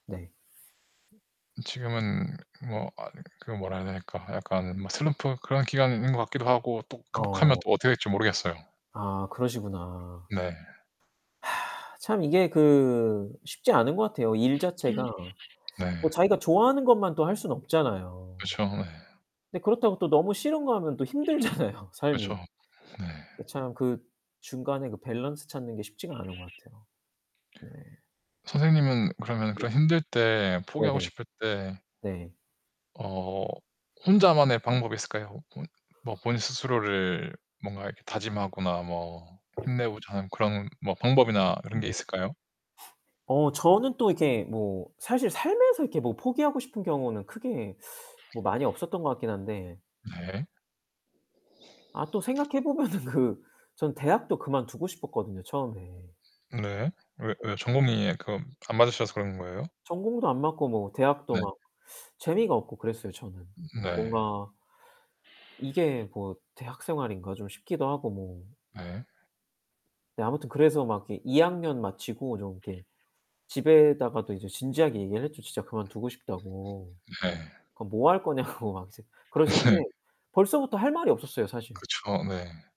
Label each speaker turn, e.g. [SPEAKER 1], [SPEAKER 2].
[SPEAKER 1] 네.
[SPEAKER 2] 지금은 뭐 아 그 뭐라 해야 될까 약간 막 슬럼프 그런 기간이 있는 것 같기도 하고 또 극복하면
[SPEAKER 1] 어.
[SPEAKER 2] 또 어떻게 될지 모르겠어요.
[SPEAKER 1] 아 그러시구나.
[SPEAKER 2] 네.
[SPEAKER 1] 하 참 이게 그 쉽지 않은 것 같아요. 일 자체가
[SPEAKER 2] [unintelligible] 네.
[SPEAKER 1] 뭐 자기가 좋아하는 것만 또 할 수는 없잖아요.
[SPEAKER 2] 그렇죠. 네.
[SPEAKER 1] 근데 그렇다고 또 너무 싫은 거 하면 또 힘들잖아요 삶이.
[SPEAKER 2] 그렇죠. 네.
[SPEAKER 1] 이게 참 그 중간에 그 밸런스 찾는 게 쉽지가 않은 거 같아요. 네.
[SPEAKER 2] 선생님은 그러면
[SPEAKER 1] 네.
[SPEAKER 2] 그런 힘들 때
[SPEAKER 1] 네
[SPEAKER 2] 포기하고
[SPEAKER 1] 네.
[SPEAKER 2] 싶을 때
[SPEAKER 1] 네.
[SPEAKER 2] 어 혼자만의 방법이 있을까요? 뭐 본인 스스로를 뭔가 이렇게 다짐하거나 뭐 힘내고자 하는 그런 뭐 방법이나 그런 게
[SPEAKER 1] 네.
[SPEAKER 2] 있을까요?
[SPEAKER 1] 어 저는 또 이렇게 뭐 사실 살면서 이렇게 뭐 포기하고 싶은 경우는 크게 뭐 많이 없었던 것 같긴 한데.
[SPEAKER 2] 네.
[SPEAKER 1] 아 또 생각해보면은 그 전 대학도 그만두고 싶었거든요 처음에.
[SPEAKER 2] 네. 왜
[SPEAKER 1] [unintelligible]
[SPEAKER 2] 왜 전공이 그러면 안 맞으셔서 그런 거예요?
[SPEAKER 1] 전공도 안 맞고 뭐 대학도
[SPEAKER 2] 네.
[SPEAKER 1] 막 재미가 없고 그랬어요 저는.
[SPEAKER 2] 네.
[SPEAKER 1] 뭔가 이게 뭐 대학생활인가 좀 쉽기도 하고 뭐
[SPEAKER 2] 네.
[SPEAKER 1] 네 아무튼 그래서 막 이렇게 2 학년 마치고 좀 이렇게 집에다가도 이제 진지하게 얘기를 했죠. 진짜 그만두고 싶다고.
[SPEAKER 2] 네.
[SPEAKER 1] 그럼 뭐 할 거냐고 막 이제 그러시는데
[SPEAKER 2] 네.
[SPEAKER 1] 벌써부터 할 말이 없었어요 사실.
[SPEAKER 2] 그렇죠. 네.